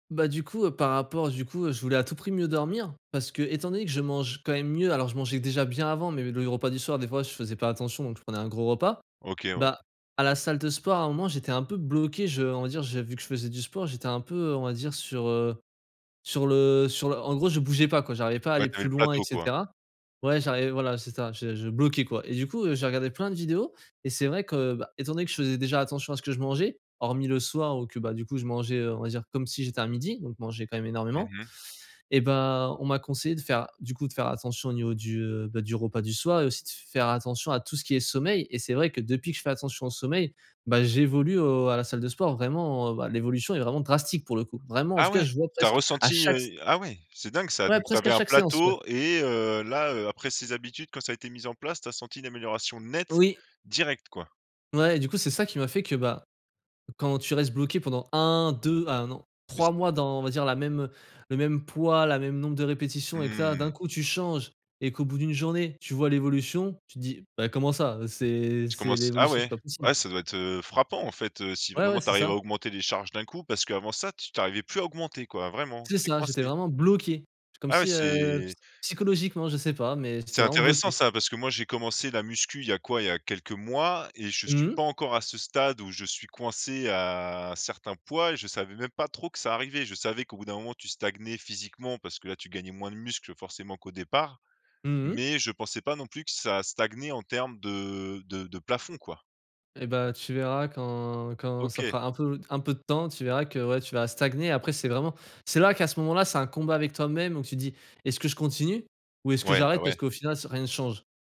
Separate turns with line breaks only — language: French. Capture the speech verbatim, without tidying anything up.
Bah, du coup, heu, par rapport du coup, heu, je voulais à tout prix mieux dormir, parce que, étant donné que je mange quand même mieux alors, je mangeais déjà bien avant, mais le repas du soir, des fois, je faisais pas attention, donc je prenais un gros repas.
OK, ouais.
Bah, à la salle de sport, à un moment, j'étais un peu bloqué. Je on va dire, j'ai vu que je faisais du sport, j'étais un peu, heu, on va dire sur, heu, sur le sur le en gros, je bougeais pas, quoi, j'arrivais pas à
Ouais,
aller
tu avais
plus
le
loin et
plateau, quoi.
cetera. Ouais, j'arrivais voilà, j c'est ça, je je bloquais, quoi. Et du coup, heu, j'ai regardé plein de vidéos, et c'est vrai que, bah, étant donné que je faisais déjà attention à ce que je mangeais, hormis le soir ou que, bah, du coup, je mangeais, heu, on va dire comme si j'étais à midi, donc manger quand même
Mmh
énormément.
mh.
Eh bah, on m'a conseillé, de faire, du coup, de faire attention au niveau du, heu, bah, du repas du soir et aussi de f faire attention à tout ce qui est sommeil. Et c'est vrai que, depuis que je fais attention au sommeil, bah j'évolue au à la salle de sport, vraiment, heu, bah, l'évolution est vraiment drastique, pour le coup. Vraiment, en
Ah
tout cas,
ouais?
je vois
Tu as
presque à
ressenti, heu
chaque s
ah ouais? C'est dingue, ça.
Ouais,
Donc, tu
presque à
avais un
chaque séance, ouais.
plateau et heu, là, heu, après ces habitudes, quand ça a été mise en place, tu as senti une amélioration nette,
Oui.
direct, quoi!
Mouais et du coup, c'est ça qui m'a fait que, bah, quand tu restes bloqué pendant un-deux, à un an,
Et c
trois mois dans, on va dire, la même, heu, le même poids, la même nombre de répétitions, et que là d'un
Mmh.
coup tu changes, et qu'au bout d'une journée, tu vois l'évolution, tu te dis: «Bah, comment ça? Heu, c'est
Tu
c'est
commences ah
l'évolution, c'est
ouais
pas possible!»
ouais, ça doit être, heu, frappant, en fait, heu, si
Ouais, ouais,
vraiment tu
c'est
arrives à
ça.
augmenter les charges d'un coup, parce qu'avant, ça t tu arrivais plus à augmenter, quoi? Vraiment, tu
C'est
étais
ça, j'étais
coincé.
vraiment bloqué. Comme
Ah, ouais,
si, heu, psy
c'est
psychologiquement, je sais pas, mais
C'est
j'étais vraiment
intéressant
bloqué.
ça, parce que moi, j'ai commencé la muscu, il y a quoi, il y a quelques mois, et je suis
Mmh.
pas encore à ce stade où je suis coincé à, un certain poids, et je savais même pas trop que ça arrivait. Je savais qu'au bout d'un moment, tu stagnais physiquement, parce que là, tu gagnais moins de muscle, forcément qu'au départ,
Mmh mh.
mais je pensais pas non plus que ça stagnait en termes de de de plafond, quoi.
Eh bah, tu verras quand quand ça
OK.
fera un peu d un peu de temps, tu verras que, ouais, tu vas stagner. Après, c'est vraiment c'est là qu'à ce moment là, c'est un combat avec toi même. Donc, tu dis: «Est-ce que je continue, ou est-ce que
Ouais, bah,
j'arrête? Parce
ouais.
qu'au final, ça rien ne change».